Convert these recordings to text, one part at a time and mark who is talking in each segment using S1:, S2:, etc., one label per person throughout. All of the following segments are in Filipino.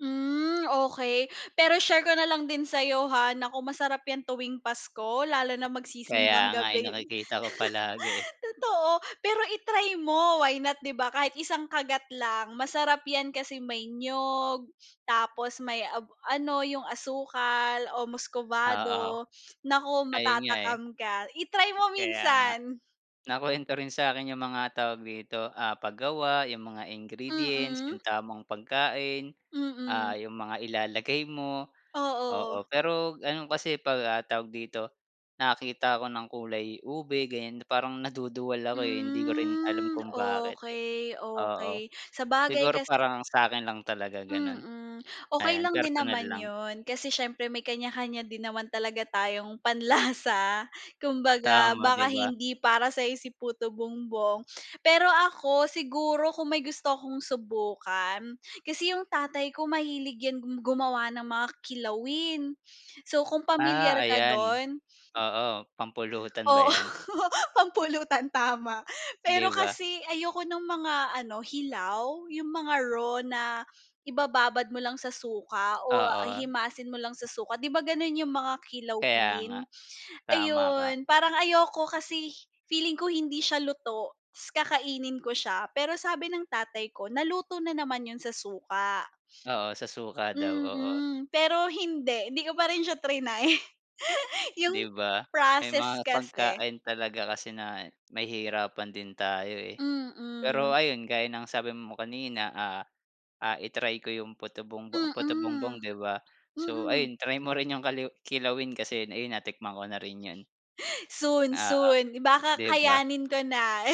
S1: Hmm, okey, pero share ko nalang din sayo, ha, naku, masarap yan tuwing Pasko lalo na
S2: Kaya
S1: mag-sisimbang
S2: nga eh,
S1: gabi,
S2: nakikita ko palagi, eh.
S1: totoo, pero i-try mo why not di ba, kahit isang kagat lang masarap yan kasi may niyog, tapos may ab ano yung asukal o
S2: Oo, oo.
S1: muscovado, naku,
S2: Ayun nga, eh.
S1: matatakam ka, i-try mo
S2: Kaya nga.
S1: minsan.
S2: Nakuwento rin sa akin yung mga tawag dito, ah, pag-gawa yung mga ingredients, yung
S1: Mm.
S2: tamang pagkain. Ah,
S1: Mm.
S2: yung mga ilalagay mo. Oo,
S1: Oo.
S2: pero ano kasi, eh, pag, ah, tawag dito, nakakita ako ng kulay ube ganyan, parang naduduwal ako, eh, hindi ko rin alam
S1: Hmm,
S2: kung bakit, eh.
S1: okey,
S2: Oo.
S1: okey, sabagay
S2: Siguro
S1: kasi
S2: parang sa akin lang talaga ganun.
S1: Mm, okey
S2: Ayan
S1: lang din
S2: personal
S1: naman
S2: lang.
S1: yun, kasi siyempre may kanya-kanya din naman talaga tayong panlasa, kumbaga
S2: Tama, di
S1: baka
S2: ba?
S1: hindi para sa'yo si puto bumbong. Pero ako siguro kung may gusto akong subukan, kasi yung tatay ko mahilig yan gu gumawa ng mga kilawin. So kung
S2: Ah,
S1: pamilyar ka
S2: ayan.
S1: dun.
S2: Oo, pampulutan ba
S1: Oo,
S2: yan?
S1: pampulutan tama. Pero
S2: 'Di ba?
S1: kasi ayoko nung mga ano, hilaw, 'yong mga raw na ibababad mo lang sa suka o
S2: Oo.
S1: himasin mo lang sa suka, 'di ba, gano'n 'yong mga
S2: Kaya nga.
S1: kilawin?
S2: Tama ka.
S1: Ayun parang ayoko kasi, feeling ko hindi siya luto, tas kakainin ko siya, pero sabi ng tatay ko naluto na naman 'yon sa suka.
S2: Oo, sa suka daw, oo.
S1: Mm, pero hindi hindi ko pa rin siya triny. Yung
S2: 'Di ba? May mga
S1: process kasi.
S2: pagkain talaga kasi na nahihirapan din tayo, eh. Pero
S1: Mm.
S2: ayun gaya ng sabi mo kanina, ah, ah, i-try ko 'yong puto bumbong puto bumbong
S1: Mm,
S2: 'di ba? So
S1: mm.
S2: ayun try mo rin 'yong kaliwi kilawin kasi ayun natikman ko na rin 'yan.
S1: Soon,
S2: Oo,
S1: soon baka
S2: di ba?
S1: kayanin ko na,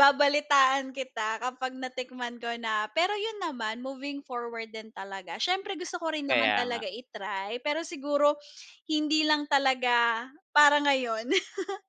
S1: babalitaan kita kapag natikman ko na, pero yun naman moving forward din talaga, siyempre gusto ko rin naman
S2: Kaya
S1: talaga
S2: nga.
S1: i-try pero siguro hindi lang talaga para ngayon.